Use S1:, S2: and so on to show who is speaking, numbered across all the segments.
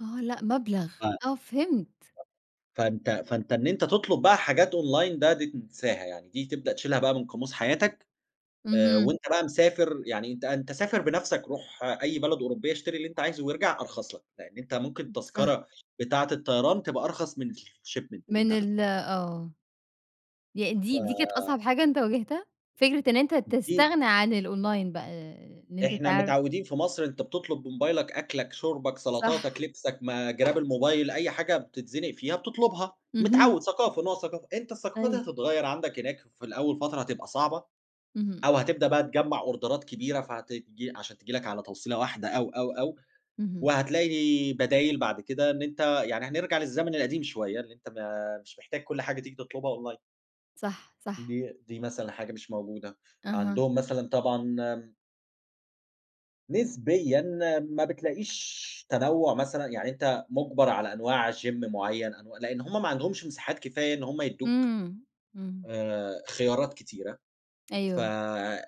S1: آه، لأ مبْلغ،
S2: آه. [unintelligible]
S1: آه فهِمت.
S2: فأنت فأنت إن أنت تطلُب بقى حاجات online ده، دي تنساها، يعني دي تبدأ تشيلها بقى من قاموس حياتك آآ
S1: اهم.
S2: وأنت بقى مسافر يعني، أنت أنت سافر بنفْسك، رُوح أي بلد أوروبية، اشتري اللي أنت عايزه وأرجَع أرخص لك، لأن أنت ممكن
S1: إ صح.
S2: التذكرة بتاعة الطيران تبقى أرخص من الshipment اللي
S1: من
S2: أنت
S1: ال
S2: هتدفعه.
S1: آه. يعني دي دي كانت
S2: ف
S1: أصعب حاجة أنت واجهتها، فكرة إن أنت
S2: دي
S1: تستغنى عن الonline بقى، إن أنت
S2: إحنا
S1: تعر
S2: متعوّدين في مصر، أنت بتطلُب بموبايلك أكْلك، شُربك، سَلطاتك،
S1: صح.
S2: لِبسك، ما جِراب الموبايل، أي حاجة بتتزنِق فيها بتطلُبها،
S1: اهم.
S2: متعوّد، ثقافة، نوع ثقافة، أنت الثقافة دي
S1: أيوه.
S2: هتتغيّر عَندك هناك، في الأول فترة هتبقى صعبة
S1: إمم.
S2: أو هتبدأ بقى تجمَّع أوردرات كبيرة فهت عشان تيجي لك على توصيلة واحدة أو، أو، أو،
S1: اهم.
S2: وهتلاقي بدايل بَعد كده، إن أنت يعني هنرجَع للزمن القديم شوية، إن أنت ما مش محتاج كل حاجة تيجي تطلُبها online
S1: صح، صح.
S2: دي دي مثلًا حاجة مش موجودة.
S1: أها.
S2: عَندهم مثلًا طبعًا آمم نسبيًا ما بتلاقيش تنوُّع مثلًا، يعني أنت مُجبَر على أنواع gym معيّن، أنوا لأن هُم ما عَندهمش مساحات كفاية إن هُم يدّوك
S1: إمم. إمم.
S2: آآ خيارات كتيرة، ف
S1: أيوه.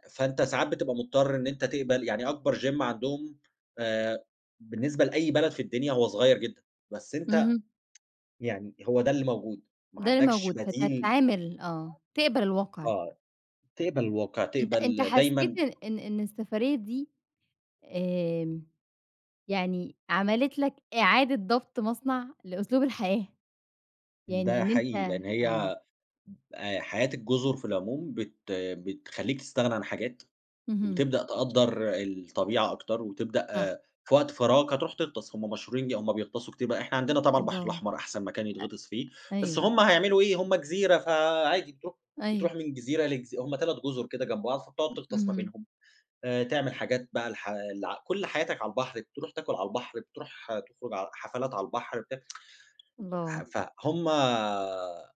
S2: فأنت ساعات بتبقى مُضطر إن أنت تقبَل، يعني أكبر gym عَندهم آآ بالنسبة لأي بلد في الدنيا هو صغيّر جدًا، بس أنت
S1: اهم.
S2: يعني هو ده اللي موجود، ما
S1: ده اللي
S2: عَندكش
S1: موجود
S2: بديل.
S1: فتتعامل، آه، تقبَل الواقِع.
S2: آه. تقبَل الواقِع،
S1: أنت أنت
S2: تقبَل دايمًا
S1: حسّيت إن إن السفرية دي آمم، يعني عملِت لك إعادة ضبط مصنع لأسلوب الحياة؟ يعني
S2: ده
S1: إن أنت
S2: حقيقي، لأن
S1: آه.
S2: هي آآ حياة الجُزُر في العموم بت بتخلّيك تستغنى عن حاجات
S1: اهم.
S2: وتبدأ آآ تقدّر الطبيعة أكتر، وتبدأ
S1: صح.
S2: في وقت فراغك هترُوح تغطَس، هُم مشهورين هُم بيغطَسوا كتير بقى، إحنا عندنا طبعًا البحر
S1: الله!
S2: الأحمر أحسن مكان يتغطِس فيه،
S1: أ
S2: بس
S1: أيوه.
S2: هُم هيعملوا إيه، هُم جزيرة، فعادي بترُوح بترُوح
S1: أيوه.
S2: من جزيرة لجزي هُم 3 جُزُر كده جنب بعض، فبتقعُد
S1: امم،
S2: تغطَس ما
S1: اهم
S2: بينهم آآ، تعمل حاجات بقى الح ال كلّ حياتك على البحر، بترُوح تاكُل على البحر، بترُوح تخرُج ع حفلات على البحر، بت
S1: الله!
S2: ف هُم